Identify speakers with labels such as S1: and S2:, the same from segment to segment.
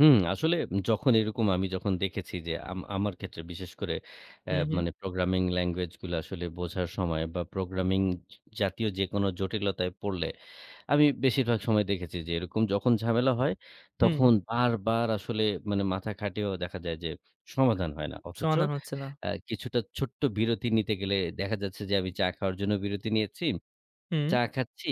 S1: হুম, আসলে যখন এরকম আমি যখন দেখেছি যে, আম আমার ক্ষেত্রে বিশেষ করে
S2: হু,
S1: অ্যা
S2: হুম।
S1: মানে প্রোগ্রামিং ল্যাঙ্গুয়েজ গুলো আসলে বোঝার সময় বা প্রোগ্রামিং জাতীয় যেকোনো জটিলতায় পড়লে আমি বেশিরভাগ সময় দেখেছি যে, এরকম যখন ঝামেলা হয়
S2: হুম।
S1: তখন বারবার আসলে মানে মাথা খাটিয়েও দেখা যায় যে, সমাধান হয় না। অথচ
S2: সমাধান হচ্ছে না।
S1: কিছুটা ছোট্ট বিরতি নিতে গেলে দেখা যাচ্ছে যে, আমি চা খাওয়ার জন্য বিরতি নিয়েছি।
S2: হুম।
S1: চা খাচ্ছি,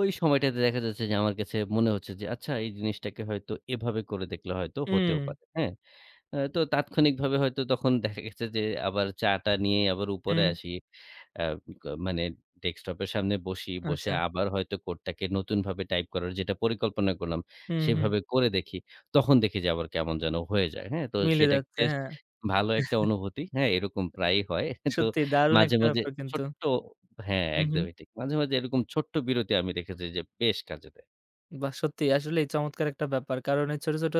S1: ওই সময়টাতে দেখা যাচ্ছে যে, আমার কাছে মনে হচ্ছে যে, আচ্ছা এই জিনিসটাকে হয়তো এভাবে করে দেখলে হয়তো হতেও
S2: উমম।
S1: পারে। হ্যাঁ। অ্যা তো তাৎক্ষণিকভাবে হয়তো তখন দেখা গেছে যে, আবার চা টা নিয়ে আবার উপরে
S2: হুম।
S1: আসি। অ্যা [unintelligible] মানে ডেস্কটপের সামনে বসি বসে
S2: আচ্ছা।
S1: আবার হয়তো কোডটাকে নতুনভাবে টাইপ করার যেটার পরিকল্পনা করলাম
S2: হুম, হুম।
S1: সেভাবে করে দেখি। তখন দেখি যে, আবার কেমন যেন হয়ে যায়, হ্যাঁ। তো
S2: মিলে
S1: সেটা
S2: যাচ্ছে।
S1: বেশ
S2: হ্যাঁ।
S1: ভালো একটা অনুভূতি। হ্যাঁ, এরকম প্রায়ই হয়। তো
S2: সত্যি দারুণ
S1: মাঝে,
S2: একটা
S1: মাঝে,
S2: ব্যাপার কিন্তু।
S1: ছোট্ট হ্যাঁ,
S2: হু, হুম।
S1: একদমই ঠিক। মাঝে, মাঝে, এরকম ছোট্ট বিরতি আমি দেখেছি যে, বেশ কাজে দেয়।
S2: বাহ! সত্যি আসলে এই চমৎকার একটা ব্যাপার কারণ এই ছোট, ছোট,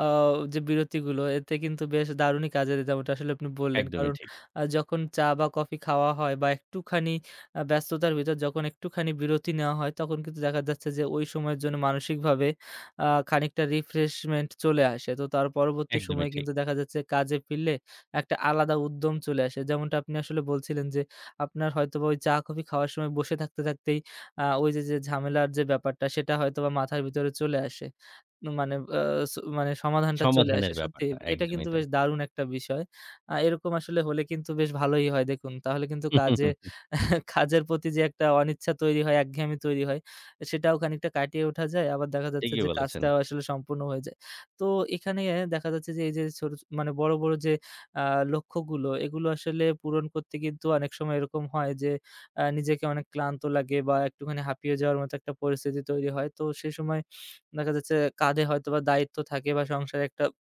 S2: আও যে, বিরতিগুলো এতে কিন্তু বেশ দারুণই কাজের যেমটা আসলে আপনি বললেন।
S1: একদমই
S2: কারণ
S1: ঠিক।
S2: আ যখন চা বা কফি খাওয়া হয় বা একটুখানি আ ব্যস্ততার ভিতর যখন একটুখানি বিরতি নেওয়া হয় তখন কিন্তু দেখা যাচ্ছে যে, ওই সময়ের জন্য মানসিকভাবে আ খানিকটা রিফ্রেশমেন্ট চলে আসে। তো তার পরবর্তী
S1: একদমই
S2: সময়ে
S1: ঠিক।
S2: কিন্তু দেখা যাচ্ছে কাজে ফিরলে একটা আলাদা উদ্যম চলে আসে। যেমনটা আপনি আসলে বলছিলেন যে, আপনার হয়তোবা ওই চা কফি খাওয়ার সময় বসে থাকতে, থাকতেই, আ ওই যে, যে, ঝামেলার যে, ব্যাপারটা সেটা হয়তোবা মাথার ভিতরে চলে আসে। মানে ও স মানে সমাধানটা চলে আসে।
S1: সমাধানের
S2: সত্যি
S1: ব্যাপারটা
S2: এটা
S1: একদমই
S2: কিন্তু বেশ
S1: তাই।
S2: দারুণ একটা বিষয়। আ এরকম আসলে হলে কিন্তু বেশ ভালোই হয় দেখুন তাহলে কিন্তু কাজে কাজের প্রতি যে, একটা অনিচ্ছা তৈরি হয়, একঘেয়ামি তৈরি হয় সেটাও খানিকটা কাটিয়ে ওঠা যায়। আবার দেখা যাচ্ছে
S1: ঠিকই
S2: যে,
S1: বলেছেন।
S2: কাজটাও আসলে সম্পূর্ণ হয়ে যায়। তো এখানে দেখা যাচ্ছে যে, এই যে, ছোট মানে বড়, বড়, যে, আ লক্ষ্যগুলো এগুলো আসলে পূরণ করতে কিন্তু অনেক সময় এরকম হয় যে, আ নিজেকে অনেক ক্লান্ত লাগে বা একটুখানি হাঁপিয়ে যাওয়ার মতো একটা পরিস্থিতি তৈরি হয়। তো সেই সময় দেখা যাচ্ছে কাঁধে হয়তো বা দায়িত্ব থাকে বা সংসারে একটা